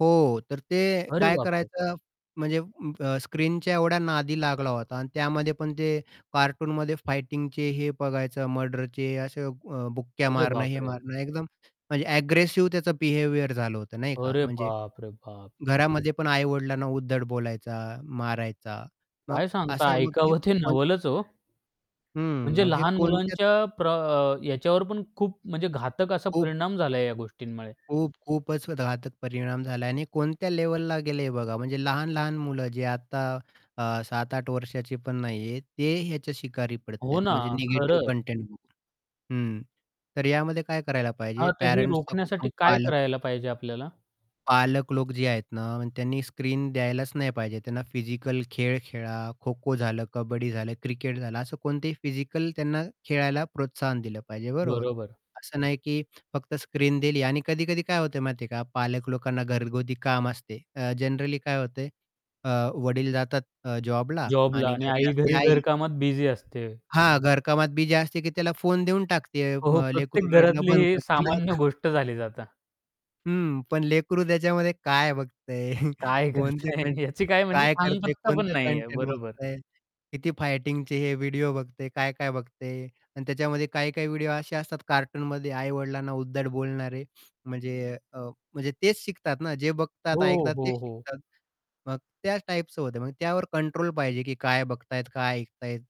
हो. तर ते अरे काय बाप रे! करायचं म्हणजे अं, स्क्रीनच्या एवढ्या नादी लागला होता आणि त्यामध्ये पण ते कार्टूनमध्ये फायटिंगचे हे बघायचं मर्डरचे, असे अ, बुक्क्या अरे मारणं हे बापरे! मारणं. एकदम म्हणजे एग्रेसिव्ह त्याचं बिहेवियर झालं होतं, नाही का? अरे म्हणजे बाप रे बाप! घरामध्ये पण आई-वडिलांना उद्धट बोलायचा, मारायचा मग काय सांगता? असं मग ऐकावं ते [unintelligible] नवलच ओ. हं. म्हणजे मग हे लहान कोणत्या मुलांच्या प्र अ, याच्यावर पण खूप म्हणजे घातक असा खूप परिणाम झाला आहे या गोष्टींमुळे. खूप-खूपच घातक परिणाम झाला आहे आणि कोणत्या लेव्हला गेले हे बघा, म्हणजे लहान-लहान मुलं जे आता अ, 7-8 वर्षाची पण नाही आहेत, ते ह्याच्या शिकारी पडत आहेत, हो ना. म्हणजे निगेटिव्ह खरंच. कंटेंट बघून. हं. तर यामध्ये काय करायला पाहिजे हां, तर हे पॅरेंट्सचा रोखण्यासाठी [unintelligible] काय पालक करायला पाहिजे आपल्याला? पालक लोक जे आहेत ना, त्यांनी स्क्रीन द्यायलाच नाही पाहिजे. त्यांना फिजिकल खेळ खेळा. खोखो झालं, कबड्डी झालं, क्रिकेट झालं. असं कोणतेही फिजिकल त्यांना खेळायला प्रोत्साहन दिलं पाहिजे, बरोबर? बरोबर. असं नाही, की फक्त स्क्रीन दिली आणि कधी-कधी काय होत माहिती आहे का? पालक लोकांना घरगुती काम असते. अ, जनरली काय होते? अ, वडील जातात अ, जॉबला जॉबला आणि आणि घरी आई असते घरी आई. घरकामात बिझी असते. हां, घरकामात बिझी असते, की त्याला फोन देऊन टाकते हो, हो. अ, प्रत्येक लेकरु रडणं घरातली बंद ही करतं नाही सामान्य का? गोष्ट झालीत आता. हं. पण लेकरू त्याच्यामध्ये काय बघतं आहे? काय कोणते करता कंटें आहे? याची काय म्हणजे काय करतं आहे? थांगपत्ता पण कोणते नाही आहे, कंटेंट बरोबर. बघतं आहे, किती फायटिंगचे हे व्हिडिओ बघतं आहे? काय-काय बघतं आहे? आणि त्याच्यामध्ये काही-काही व्हिडिओ असे असतात कार्टूनमध्ये आई-वडिलांना उद्धट बोलणारे. म्हणजे अ, म्हणजे तेच शिकतात ना जे बघतात हो, ऐकतात ते हो, हो. शिकतात. मग त्याच टाइपचं होतं आहे, मग त्यावर कंट्रोल पाहिजे, की काय बघतायत काय ऐकत आहेत.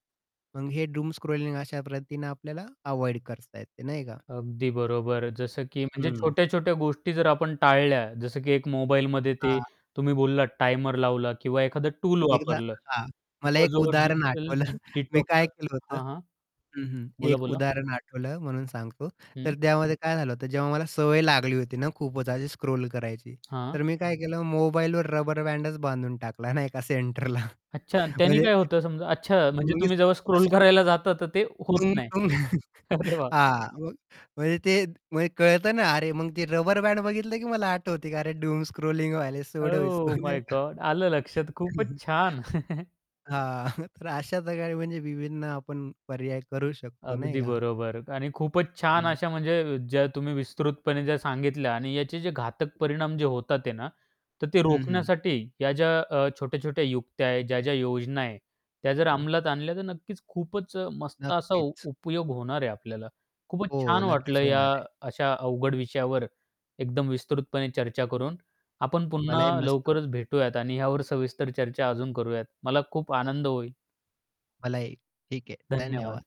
मग हे डूम स्क्रोलिंग अशा पद्धतीने आपल्याला अव्हॉइड करता येते, नाही का? अगदी बरोबर. जसं की म्हणजे हं. छोट्या-छोट्या गोष्टी जर आपण टाळल्या. जसं की एक मोबाईलमध्ये ते हां. तुम्ही बोललात टायमर लावला किंवा एखादं टूल एकदा वापरलं हां, मला किंवा एक जो उदाहरण डिजिटल आठवलं. मी काय डिटॉक्स केलं होतं हां, हां. हं, हं, एक बोला-बोला. उदाहरण आठवलं म्हणून सांगतो. हं. तर त्यामध्ये काय झालं होतं, जेव्हा मला सवय लागली होती ना, खूपच अशी स्क्रोल करायची, हां. तर मी काय केलं मोबाईलवर रबर बँड बांधून टाकला नाही का सेंटरला. अच्छा त्याने म्हणजे काय होतं समजा? अच्छा म्हणजे मग. तुम्ही जेव्हा स्क्रोल [unintelligible] करायला जाता तर ते होत नाही. अरे वाह! हां, मग म्हणजे ते कळत ना अरे, मग ते रबर बँड बघितलं, की मला आठवते, की अरे डूम स्क्रोलिंग व्हायला छोडो इस्को ओह माय नाही का? गॉड आलं लक्षात खूपच छान. हां, तर अशा प्रकारे म्हणजे विभिन्न आपण पर्याय करू शकतो, नाही अगदी का? बरोबर. आणि खूपच छान हं. अशा म्हणजे ज्या तुम्ही विस्तृतपणे ज्या सांगितल्या आणि याचे जे घातक परिणाम होतात आहे ना, तर ते हं, हं रोखण्यासाठी या ज्या अ, छोट्या-छोट्या युक्त्या आहेत, ज्या-ज्या योजना आहे. त्या जर हं. अंमलात आणल्या तर नक्कीच खूपच अ, मस्त असा नक्कीच. उपयोग होणार आहे आपल्याला. खूपच हो, छान नक्कीच वाटलं या होणार आहे. अशा अवघड विषयावर एकदम विस्तृतपणे चर्चा करून. आपण मलाही, पुन्हा मस्त वाटलं. लवकरच भेटूयात आणि यावर सविस्तर चर्चा अजून करूयात. मला खूप आनंद होईल. मलाही, ठीक आहे. धन्यवाद. धन्यवाद.